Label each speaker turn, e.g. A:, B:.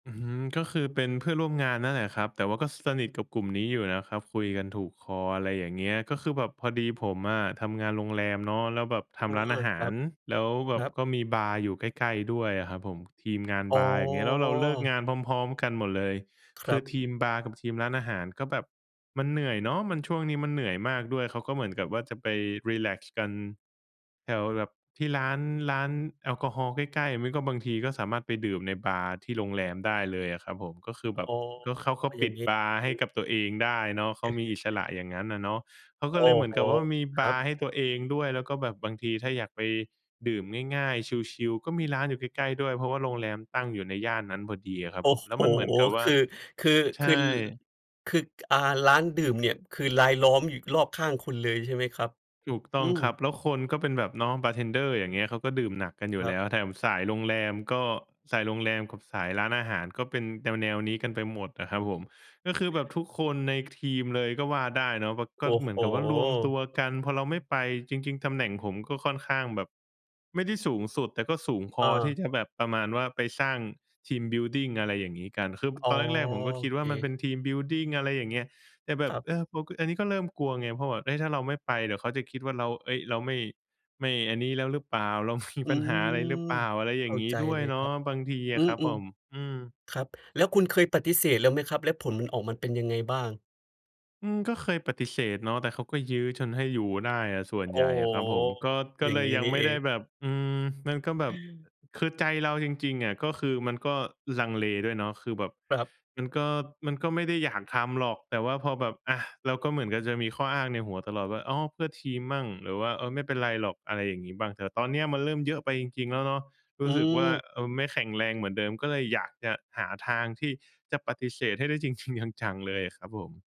A: อื้อฮือ ก็คือเป็นเพื่อนร่วมงานนั่นแหละครับ แต่ว่าก็สนิทกับกลุ่มนี้อยู่นะครับ คุยกันถูกคอ อะไรอย่างเงี้ย ก็คือแบบพอดีผมอะทำงานโรงแรมเนาะ แล้วแบบท
B: อา
A: ำร้านอาห
B: ค
A: า
B: รั
A: ร
B: บ
A: แล้วแบ
B: คร
A: บ
B: ับ
A: ก็มีบาร์อยู่ใกล้ ๆ ด้วยอะครับผม ทีมงาน
B: อ๋อ
A: บาร์ อย่างเงี้ย แล้วเราเลิกงานพร้อม ๆ กันหมดเลย
B: ค
A: ค
B: ร
A: ื
B: ั
A: อ
B: บ
A: ทีมบาร์กับทีมร้านอาหารก็แบบมันเหนื่อยเนาะ มัน ช่วงนี้มันเหนื่อยมากด้วย เขาก็เหมือนกับว่า จะไปรีแลกซ์กันแถวแบบที่ร้าน ร้านแอลกอฮอล์ใกล้ ๆ หรือไม่ก็บางทีก็สามารถไปดื่มในบาร์ที่โรงแรมได้เลยอะครับผม ก็คือแบ
B: อ๋
A: บ
B: อ
A: ก็ เขาก็
B: อ
A: ป
B: ย่
A: ิ
B: าง
A: ด
B: งี้
A: บาร์ใ
B: อ
A: ห
B: ื
A: ้
B: ม
A: กับตัวเองได้เนาะ เขามีอิสระอย่างงั้นอะเนาะ เขาก
B: โ
A: ็
B: อ
A: เล
B: ้
A: ยเหมือ
B: โ
A: น
B: ฮ
A: กับว่า มี
B: ค
A: บ
B: รั
A: า
B: บ
A: ร์ให้ตัวเองด้วย แล้วก็แบบบางทีถ้าอยากไปดื่มง่าย ๆ ชิล ๆ ก็มีร้านอยู่ใกล้ ๆ ด้วย เพราะว่าโรงแรมตั้งอยู่ในย่านนั้นพอดีอะครั
B: โ
A: บ
B: อ้
A: ผม แล้
B: โฮ
A: วมันเหมือนกับว่
B: ค
A: า
B: ือ คือ
A: ใช
B: คือ
A: ่
B: ล คือ ก อา ร้านดื่มเนี่ย คือรายล้อมอยู่รอบข้างคุณเลย ใช่ไหมครับ?
A: ถูกต
B: อ
A: ้
B: ื
A: อง
B: ม
A: ครับ แล้วคนก็เป็นแบบน้องบาร์เทนเดอร์ อย่างเงี้ย เขาก็ดื่มหนักกันอยู
B: ค
A: ่
B: ร
A: แ
B: ั
A: ล
B: บ
A: ้ว แถมสายโรงแรมก็ สายโรงแรมกับสายร้านอาหารก็เป็นแนว ๆ นี้กันไปหมดน่ะครับผม ก็คือแบบทุกคนในทีมเลยก็ว่าได้เนาะ แบบก
B: โ
A: ็
B: อ้
A: เหมื
B: โ
A: อนกับว่ารวมตั
B: ฮ
A: วกัน พอเราไม่ไป จริง ๆ ตำแหน่งผมก็ค่อนข้างแบบ ไม่ได้สูงสุด แต่ก็สูงพ
B: อ
A: อที่
B: า
A: จะแบบประมาณว่า ไปสร้าง ทีมบิลดิง อะไรอย่างงี้กัน คือ
B: อ๋
A: ต
B: อ
A: อนแรก ๆ ผมก็
B: โ
A: ค
B: อ
A: ิด
B: เ
A: ว
B: ค
A: ่า มันเป็น ทีมบิลดิง อะไรอย่างเงี้ย แต่แบ
B: ค
A: บ
B: รับ
A: เออ พ อันนี้ก็เริ่มกลัวไง เพราะแบบ เฮ้ย ถ้าเราไม่ไป เดี๋ยวเขาจะคิดว่า เรา เฮ้ย เราไม่ ไม่อันนี้แล้วรึเปล่า? เรา มี
B: อื
A: ปัญหาอะไรหรือเ
B: ม
A: ปล่า? อะไรอย
B: เข
A: ่า
B: ้
A: ง
B: า
A: งี
B: ใ
A: ้
B: จ
A: ด้ว
B: เล
A: ย
B: ย
A: เน
B: ค
A: า
B: รั
A: ะ
B: บ
A: บางทีอ
B: อื
A: ะครับผ
B: ม
A: ม อืม
B: ๆ ครับ แล้วคุณเคยปฏิเสธแล้วไหมครับ? แล้วผลมันออกมาเป็นยังไงบ้าง?
A: อืม ก็เคยปฏิเสธเนาะ แต่เขาก็ยื้อจนให้อยู่ได้อะส่วน
B: โ
A: ใ
B: อ้
A: หญ่
B: โ
A: อะครับผม ก
B: ฮ
A: ็ ก
B: อ
A: ็
B: ย่า
A: เล
B: งง
A: ย
B: ี้
A: ยั
B: น
A: ง
B: ี่
A: ไม
B: เ
A: ่
B: อ
A: ได้
B: ง
A: แบบ อืม มันก็แบบ อือ คือใจเราจริง ๆ อะก็คือมันก็ลังเลด้วยเนาะ คือแบบ
B: ครับ
A: มันก็ มันก็ไม่ได้อยากทำหรอก แต่ว่าพอแบบ อะ เราก็เหมือนกับจะมีข้ออ้างในหัวตลอดว่า "อ้อ เพื่อทีมมั่ง" หรือว่า "เออ ไม่เป็นไรหรอก" อะไรอย่างงี้บ้าง แต่ตอนเนี้ยมันเริ่มเยอะไปจริง ๆ แล้วเนาะ ร
B: อื
A: ู้สึกว่า
B: ม
A: เออ ไม่แข็งแรงเหมือนเดิม ก็เลยอยากจะหาทางที่จะปฏิเสธให้ได้จริง ๆ จัง ๆ เลยอะครับผม